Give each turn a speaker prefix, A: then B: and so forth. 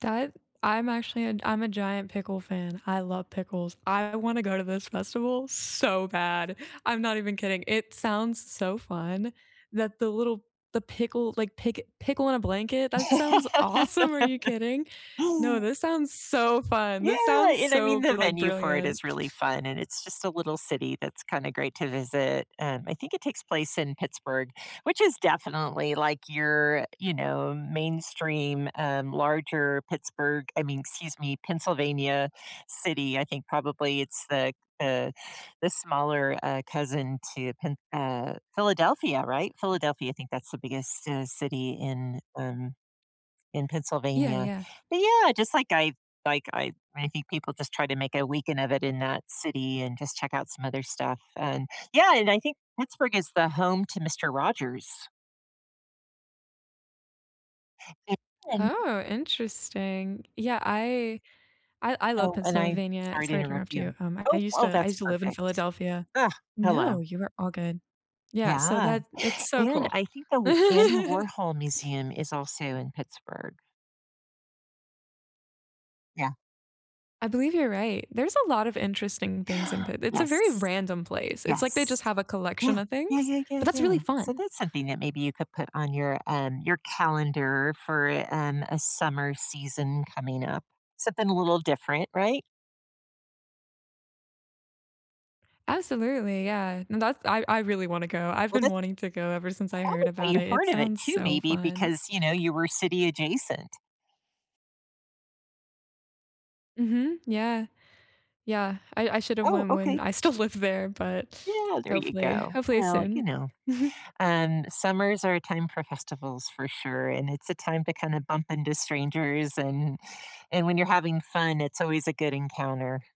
A: That I'm actually I'm a giant pickle fan. I love pickles. I want to go to this festival so bad. I'm not even kidding. It sounds so fun that the little the pickle, like, pick pickle in a blanket. That sounds awesome. Are you kidding? No, this sounds so fun. This
B: Yeah,
A: sounds
B: and I mean,
A: so
B: the
A: brilli
B: venue for it
A: brilliant.
B: is really fun, and it's just a little city that's kinda great to visit. Um, I think it takes place in Pittsburgh, which is definitely, like, your, you know, mainstream, um, larger Pittsburgh I mean, excuse me, Pennsylvania city. I think probably it's the, uh, the smaller cousin to Phin uh, Philadelphia. Right? Philadelphia, I think that's the biggest city city in, um, in
A: Yeah,
B: Pennsylvania.
A: yeah.
B: But, yeah, just, like, I like I I think people just try to make a weekend of it in that city and just check out some other stuff. And, yeah, and I think Pittsburgh is the home to Mister Rogers. An and
A: Oh, interesting. Yeah. I I I love
B: Oh, and I'm
A: Pennsylvania.
B: sorry to
A: Sorry to
B: interrupt
A: interrupt you.
B: you.
A: Um, I
B: Oh,
A: used
B: oh,
A: to I
B: that's
A: used to live in
B: perfect.
A: Philadelphia.
B: Ugh.
A: No,
B: Hello.
A: you were all good. Yeah. So
B: Yeah.
A: that it's so
B: And
A: cool.
B: I think that Andy Warhol Museum is also in Pittsburgh. Yeah.
A: I believe you're right. There's a lot of interesting things in Pitt it's a
B: Yes.
A: very random place. It's, like, they
B: Yes.
A: just have a collection
B: Yeah.
A: of
B: Yeah,
A: things,
B: yeah,
A: but
B: yeah,
A: that's really
B: yeah. So
A: fun.
B: that's something that maybe you could put on your, um, your calendar for, um, a summer season coming up. Something a little different. Right?
A: Absolutely, yeah, and that's I I really wanna go. I've
B: Well,
A: been
B: that's
A: wanting to go ever since I heard
B: probably why
A: about
B: you
A: it. It
B: heard of it
A: sounds
B: too
A: so
B: maybe
A: fun.
B: because, you know, you were city adjacent.
A: Mhm, yeah. Yeah. I I should have
B: Oh,
A: went when
B: okay.
A: I still lived there, but
B: Yeah. There you
A: hopefully,
B: go.
A: hopefully
B: Well, you
A: soon.
B: know, And summers are a time for festivals for sure, and it's a time to kinda bump into strangers. And and when you're having fun, it's always a good encounter.